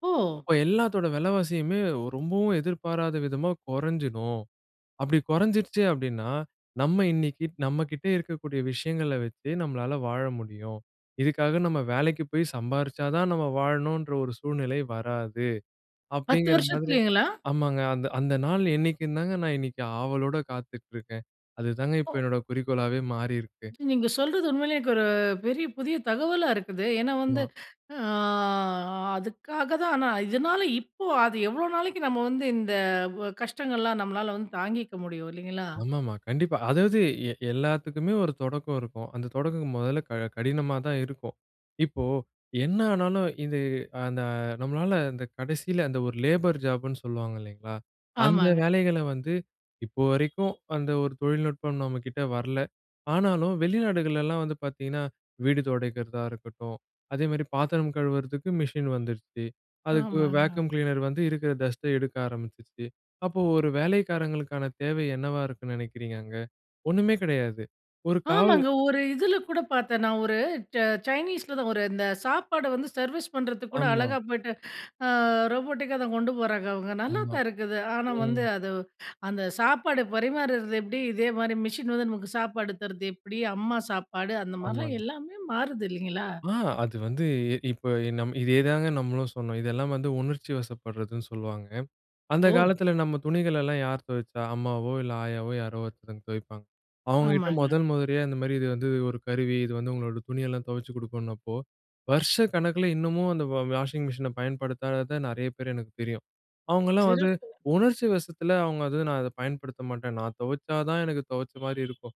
ஓ! அப்போ எல்லாத்தோட விலைவாசியுமே ஒ ரொம்பவும் எதிர்பாராத விதமா, குறைஞ்சிடும். அப்டி குறைஞ்சிருச்சு அப்டின்னா, நம்ம இன்னைக்கு நம்ம கிட்ட இருக்கக்கூடிய விஷயங்கள வச்சு, நம்மளால வாழ முடியும். இதுக்காக நம்ம வேலைக்கு போய் சம்பாரிச்சா தான், நம்ம வாழணுன்ற ஒரு சூழ்நிலை வராது. 10 அப்படிங்கிற மாதிரி வருஷத்திலைங்களா? ஆமாங்க அந்த, அந்த நாள் என்னைக்கு தாங்க நான் இன்னைக்கு ஆவலோட காத்துட்ருக்கேன். அதுதாங்க இப்போ ஓ. என்னோட குறிக்கோளாவே மாறியிருக்கு. நீங்க சொல்றது உண்மையிலயே எனக்கு ஒரு பெரிய புதிய தகவலா இருக்குது. ஏன்னா வந்து, ஆமா. அ அதுக்காக தான் ஆனா, இதனால இப்போ, அது எவ்வளோ நாளைக்கு நம்ம வந்து இந்த ஒ கஷ்டங்கள் எல்லாம் நம்மளால தாங்கிக்க முடியும்! இல்லைங்களா? ஆமா ஆமா. கண்டிப்பா. அதாவது எ எல்லாத்துக்குமே ஒரு தொடக்கம் இருக்கும். அந்த தொடக்கம் மொதல்ல க கடினமா தான் இருக்கும். இப்போ, என்ன ஆனாலும் இது அந்த நம்மளால அந்த கடைசில, அந்த ஒரு லேபர் ஜாப்புன்னு சொல்லுவாங்க இல்லைங்களா, அந்த ஆமாங்க. வேலைகள வந்து, இப்போ வரைக்கும் அந்த ஒரு தொழில்நுட்பம் நம்ம கிட்ட வரல. ஆனாலும் வெளிநாடுகள்லாம் வந்து பாத்தீங்கன்னா, வீடு துடைக்கிறதா இருக்கட்டும், அதே மாரி பாத்திரம் கழுவுறதுக்கு மிஷின் வந்துருச்சு அதுக்கு ஆமாங்க. வேக்குவம் கிளீனர் வந்து, இருக்கிற டஸ்ட்ட எடுக்க ஆரம்பிச்சுருச்சு. அப்போ ஒரு வேலைக்காரங்களுக்கான தேவை என்னவா இருக்குன்னு நினைக்கிறீங்க அங்க? ஒண்ணுமே கிடையாது. ஒரு காவல் ஆமாங்க ஒரு இதில கூட பாத்தேன். நான் ஒரு ச்ச சைனீஸ்ல தான். ஒரு இந்த சாப்பாடு வந்து சர்வீஸ் பண்றதுக்கு கூட, ஆமா. அழகா போயிட்டு, அ ரோபோட்டிக்கா தான் கொண்டு போறாங்க அவுங்க. நல்லா ஆமா. தான் இருக்குது. ஆனா வந்து, ம். அது அந்த சாப்பாடு பரிமாறுறது எப்டி? இதே மாரி மிஷின் வந்து நமக்கு சாப்பாடு தருது எப்டி? அம்மா சாப்பாடு, அந்த மாரிலாம் ஆமாங்க. எல்லாமே மாறுது இல்லைங்களா? ஆ, அது வந்து இ இப்போ, இதே தாங்க நம்மளும் சொன்னோம். இதெல்லாம் வந்து உணர்ச்சிவசப்படுறதுன்னு சொல்வாங்க. அந்த ஓ! காலத்தில நம்ம துணிகளல்லாம் யார் துவச்சா? அம்மாவோ இல்லை ஆயாவோ யாரோ ஒருத்தவங்க துவைப்பாங்க. அவுங்க கிட்ட ஆமாங்க. மொதல் முறையா இந்த மாதிரி இது வந்து ஒரு கருவி. இது வந்து உங்களோட துணி எல்லாம் தொவச்சி கொடுக்கும்ன்னப்போ, வருஷக்கணக்கில இன்னமும் அந்த வ வாஷிங் மிஷின பயன்படுத்தாத நெறைய பேர் எனக்கு தெரியும். அவங்கலாம் வந்து, சிறப்பு. உணர்ச்சி வசத்தில அவுங்க வந்து நான் அத பயன்படுத்த மாட்டேன். நான் துவைச்சா தான் எனக்கு துவைச்ச மாரி இருக்கும்.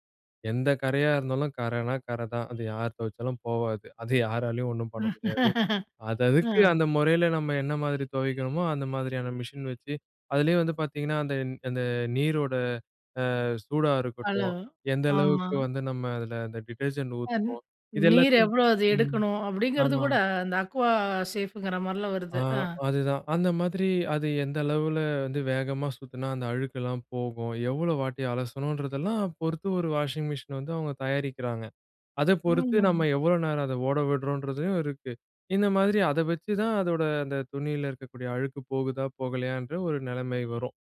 எந்த கரையா இருந்தாலும், கரைனா கரை தான். அது யார் துவைச்சாலும் போவாது. அது யாராலயும் ஒண்ணும் பண்ண முடியாது. அது அதுக்கு ம். அந்த முறையில நம்ம என்ன மாதிரி தொவைக்கிறோமோ, அந்த மாதிரியான மிஷின் வச்சு, அதிலேயும் வந்து பாத்தீங்கன்னா, அந்த அந்த நீரோட அ சூடா ஹலோ. இருக்கட்டும், எந்த ஆமா. அளவுக்கு வந்து நம்ம அதில, அந்த டிடர்ஜென்ட் [unintelligible] ஊத்துறோம், இது நீர் எல்லாத்தையும் எவ்வளோ அது ம், எடுக்கணும்? அப்படிங்கிறது ஆமா. கூட, அந்த அக்வா சேஃப்ங்கிற மாரிலாம் ஆ. வருது. அ. அதுதான். அந்த மாதிரி அது எந்த அளவில வந்து வேகமா சுத்துனா, அந்த அழுக்குலாம் போகும். எவ்வளோ வாட்டி அலசனுன்றதெல்லாம் பொறுத்து, ஒரு வாஷிங் மிஷின் வந்து அவுங்க தயாரிக்கிறாங்க, அத பொறுத்து, ஆமாங்க. நம்ம எவ்வளோ நேரம் அத ஓட விடுறோம்ன்றதுலையும் இருக்கு. இந்த மாதிரி அத வச்சுதான், அதோட அந்த துணியில இருக்கக்கூடிய அழுக்கு போகுதா, போகலையன்ற ஒரு நிலைமை வரும்.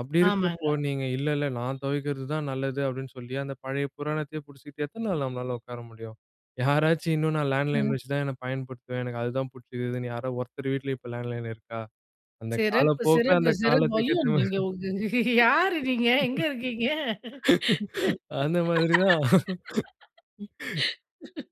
அப்படி இருக்கிறப்போ, ஆமாங்க. நீங்க "இல்ல இல்ல! நான் துவைக்கிறது தான் நல்லது" அப்டின்னு சொல்லி, அந்த பழைய புராணத்தையே புடிசிச்சுகிட்டு, எத்தன நாள் நம்மளால உக்கார முடியும்? யாராச்சும் இன்னும் நான் லேண்ட்லைன் ம். வச்சு தான் என்னை பயன்படுத்துவேன். எனக்கு அது தான் புடிச்சுக்குதுன்னு, யாரோ ஒருத்தர் வீட்ல இப்போ லேண்ட்லைன் இருக்கா? அந்த சிறப்பு, காலப்போக்கில சிறப்பு, அந்த சிறப்பு. காலத்துக்கு ஐயோ! நீங்க உங்க, யாரு நீங்க? எங்க இருக்கீங்க? ஏத்த மாதிரி. அந்த மாதிரி தான்.